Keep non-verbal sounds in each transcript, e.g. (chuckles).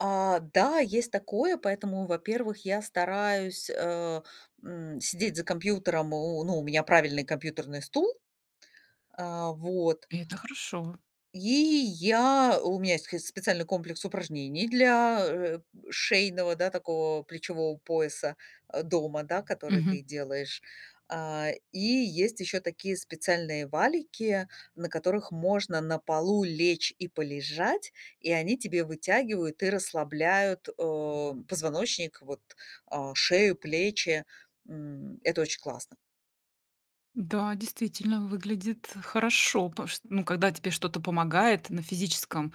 А, да, есть такое, поэтому, во-первых, я стараюсь, э, м, сидеть за компьютером, о ну, у меня правильный компьютерный стул. А, вот. И это хорошо. И, я у меня есть схыз специальный комплекс упражнений для, э, шейного, да, такого плечевого пояса, а, дома, да, который Мгм. ты делаешь. А, и есть еще такие специальные валики, на которых можно на полу лечь и полежать, и они тебе вытягивают и расслабляют, э, позвоночник вот, а, шею, плечи. М, это очень классно. Да, действительно, выглядит хорошо, пош ну, когда тебе что-то помогает на физическом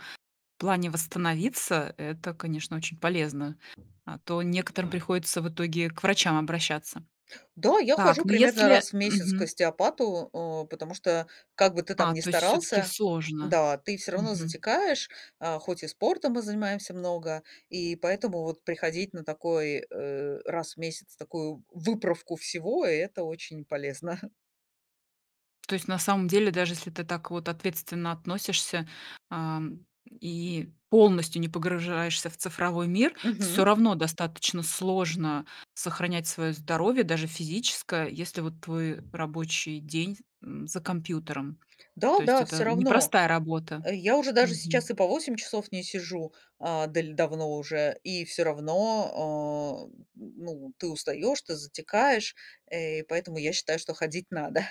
плане восстановиться, это, конечно, очень полезно, а то некоторым приходится, в итоге, к врачам обращаться. Да, я хожу Так, но примерно если раз в месяц к Мгм. остеопату, э, потому что как бы ты там А, не то есть всё-таки старался, сложно. да, ты всё равно Мгм. затекаешь, а, хоть и спортом мы занимаемся много, и поэтому, вот приходить на такой, э, раз в месяц такую выправку всего- это очень полезно. (chuckles) То есть на самом деле, даже если ты так вот ответственно относишься, ам, и полностью не погружаешься в цифровой мир, всё Мгм. равно достаточно сложно сохранять свое здоровье, даже физическое, если вот твой рабочий день, м, за компьютером. То Да есть, да, это всё равно. непростая работа. Я уже даже Мгм. сейчас и по 8 часов не сижу, а, даль давно уже, и всё равно, а, м, ну, ты устаёшь, ты затекаешь, э, и поэтому я считаю, ходить надо.